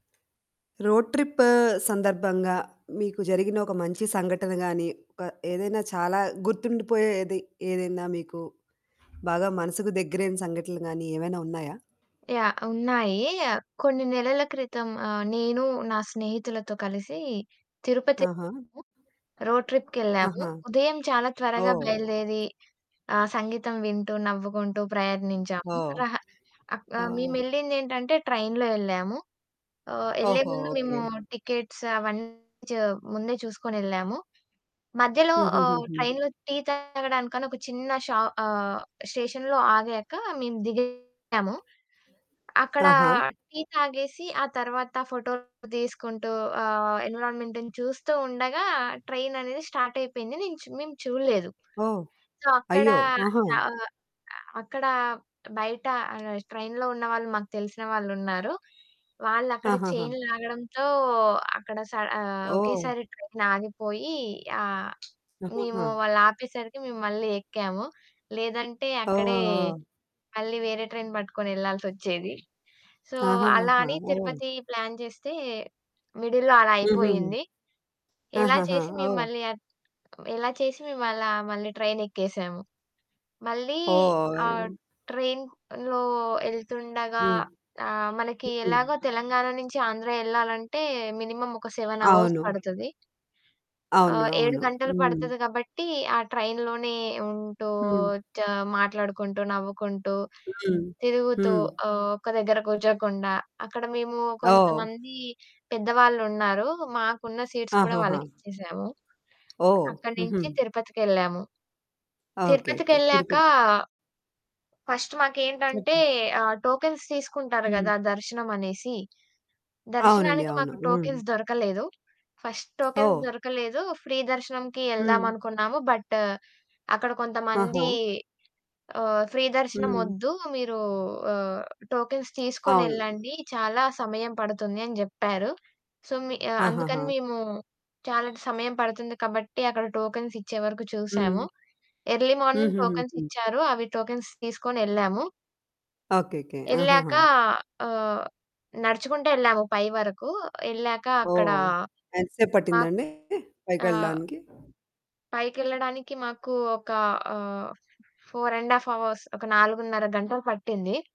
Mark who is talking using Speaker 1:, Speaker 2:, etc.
Speaker 1: Road trip సందర్భంగా మీకు జరిగిన ఒక మంచి సంఘటన గానీ, ఆహ్, ఏదైనా చాలా గుర్తుండిపోయేది ఏదైనా, మీకు బాగా మనసుకు దగ్గరైన సంఘటనలు గానీ ఏవైనా ఉన్నాయా?
Speaker 2: యాహ్! ఉన్నాయీ. ఆహ్, కొన్ని నెలల క్రితం ఆహ్, నేను, నా స్నేహితులతో కలిసీ
Speaker 1: ఆహా!
Speaker 2: తిరుపతెళ్ళాము. రోడ్ ట్రిప్‌కెళ్ళాము.
Speaker 1: ఆహా!
Speaker 2: ఉదయం చాలా త్వరగా
Speaker 1: ఓహ్!
Speaker 2: బయలుదేరీ ఆహ్, సంగీతం వింటూ, నవ్వుకుంటూ ప్రయాణించాము.
Speaker 1: ఓహ్!
Speaker 2: రహ అక్
Speaker 1: ఆ!
Speaker 2: ఆహ్, మేమెళ్ళిందేంటంటే ట్రైన్‌లో యెళ్ళాము. ఆహ్, యెళ్ళే
Speaker 1: ఓహో!
Speaker 2: ముందు
Speaker 1: ఓకే.
Speaker 2: మేమూ టికెట్స్ అవన్నీ చ ముందే చూసుకొనెళ్ళాము. మధ్యలో ఆహ్,
Speaker 1: హుహుహు.
Speaker 2: ట్రైన్‌లో టీ తాగడానికని ఒక చిన్న షా ఆహ్, స్టేషన్‌లో ఆగాకా మేము దిగాము. అక్కడా
Speaker 1: ఆహా!
Speaker 2: టీ తాగేసి, ఆ తర్వాత ఫోటోలు తీసుకుంటూ ఆహ్, ఎన్విరాన్‌మెంటును చూస్తూ ఉండగా ట్రైననేది స్టార్టయిపోయింది. నేను చు మేము చూడలేదు.
Speaker 1: ఓహ్!
Speaker 2: సో, అక్కడా
Speaker 1: అయ్యో! ఆహా!
Speaker 2: చా ఆహ్, అక్కడా బయటా ఆహ్, ట్రైన్‌లో ఉన్నవాళ్ళు మాకు తెలిసిన వాళ్ళున్నారు. వాళ్ళక్కడ
Speaker 1: ఆహాహా!
Speaker 2: చెయిన్ లాగడంతో, అక్కడ స ఆహ్,
Speaker 1: ఓహ్!
Speaker 2: ఒకేసారి ట్రైనాగిపోయీ ఆహ్, మేమూ
Speaker 1: ఆహాహా!
Speaker 2: వాళ్ళాపేసరికి మేము మళ్ళీ యెక్కాము. లేదంటే,
Speaker 1: ఆ!
Speaker 2: అక్కడే
Speaker 1: ఆ!
Speaker 2: మళ్ళీ వేరే ట్రైన్ బట్టుకొనెళ్ళాల్సొచ్చేది. సో, అలా
Speaker 1: ఆహాహా!
Speaker 2: అని
Speaker 1: ఓహ్!
Speaker 2: తిరుపతీ ప్లాన్ చేస్తే మిడిల్‌లో అలా
Speaker 1: హుహు.
Speaker 2: అయిపోయింది. ఎలా
Speaker 1: ఆహాహా!
Speaker 2: చేసి మేము
Speaker 1: ఓహ్!
Speaker 2: మళ్ళీ ఆహ్, ఎలా చేసి మేమలా మళ్ళీ ట్రైనెక్కేసాము, మళ్ళీ
Speaker 1: ఓహ్!
Speaker 2: ఆహ్,
Speaker 1: ఆ!
Speaker 2: ట్రైన్‌లో యెళ్తుండగా
Speaker 1: హ్మ్.
Speaker 2: ఆహ్, మనకి ఎలాగో
Speaker 1: హ్మ్.
Speaker 2: తెలంగాణ నించి ఆంధ్ర యెళ్ళాలంటే, మినిమమ్ ఒక 7 అవర్స్
Speaker 1: అవును.
Speaker 2: పడతది.
Speaker 1: అవును.
Speaker 2: ఆహ్, 7
Speaker 1: అవును.
Speaker 2: గంటలు
Speaker 1: హ్మ్.
Speaker 2: పడతది గాబట్టీ, ఆ ట్రైన్‌లోనే ఉంటూ
Speaker 1: హ్మ్.
Speaker 2: చ మాట్లాడుకుంటూ, నవ్వుకుంటూ,
Speaker 1: హ్మ్.
Speaker 2: తిరుగుతూ
Speaker 1: హ్మ్.
Speaker 2: ఆహ్, ఒక దగ్గర కూర్చోకుండా. అక్కడ మేమూ
Speaker 1: ఓహ్!
Speaker 2: కొంతమందీ పెద్దవాళ్ళున్నారు. మాకున్న సీట్స్ కూడా
Speaker 1: ఆహహా!
Speaker 2: వాళ్ళకిచ్చేసాము.
Speaker 1: ఓహ్!
Speaker 2: అక్కడి
Speaker 1: హుహు.
Speaker 2: నించి తిరుపతికెళ్ళాము.
Speaker 1: ఓకేకే.
Speaker 2: తిరుపతికెళ్ళాకా...
Speaker 1: తిరుపతి.
Speaker 2: ఫస్ట్ మాకేంటంటే,
Speaker 1: చెప్పు.
Speaker 2: ఆహ్, టోకెన్స్ తీసుకుంటారు
Speaker 1: హ్మ్.
Speaker 2: గదా దర్శనమనేసి.
Speaker 1: అవునండి.
Speaker 2: దర్శనానికి
Speaker 1: అవును.
Speaker 2: మాకు
Speaker 1: హ్మ్.
Speaker 2: టోకెన్స్ దొరకలేదు. First tokens
Speaker 1: oh!
Speaker 2: దొరకలేదు, ఫ్రీ దర్శనంకి
Speaker 1: హ్మ్.
Speaker 2: యెళ్దామనుకున్నాము, బట్ట్ అక్కడ
Speaker 1: ఆహా!
Speaker 2: కొంతమందీ ఆహ్, ఫ్రీ
Speaker 1: హ్మ్.
Speaker 2: దర్శనమొద్దు, మీరూ ఆహ్, టోకెన్స్
Speaker 1: అవును.
Speaker 2: తీసుకొనెళ్ళండి, చాలా సమయం పడుతుంది అని జెప్పారు. సో, మి అందుకని
Speaker 1: ఆహాహా!
Speaker 2: మేమూ చాలా ట్ సమయం పడుతుంది కాబట్టి, అక్కడ టోకెన్సిచ్చే వరకు
Speaker 1: హ్మ్.
Speaker 2: చూసాము. ఎర్లీ మార్నింగ్
Speaker 1: హుహుహు.
Speaker 2: టోకెన్సిచ్చారు. అవి టోకెన్స్ తీసుకొనెళ్ళాము.
Speaker 1: ఓకేకే. ఆహాహా!
Speaker 2: యెళ్ళాకా ఆహ్, నడుచుకుంటెళ్ళాము పై వరకూ. యెళ్ళాక అక్కడా
Speaker 1: ఓహ్! ఎంత సేపు
Speaker 2: మాక్
Speaker 1: పట్టిందండి
Speaker 2: ఆహ్
Speaker 1: పైకెళ్ళడానికి?
Speaker 2: పైకెళ్ళడానికి మాకు ఒకా ఆహ్, 4 ½ అవర్స్, ఒక 4 ½ గంటలు పట్టింది.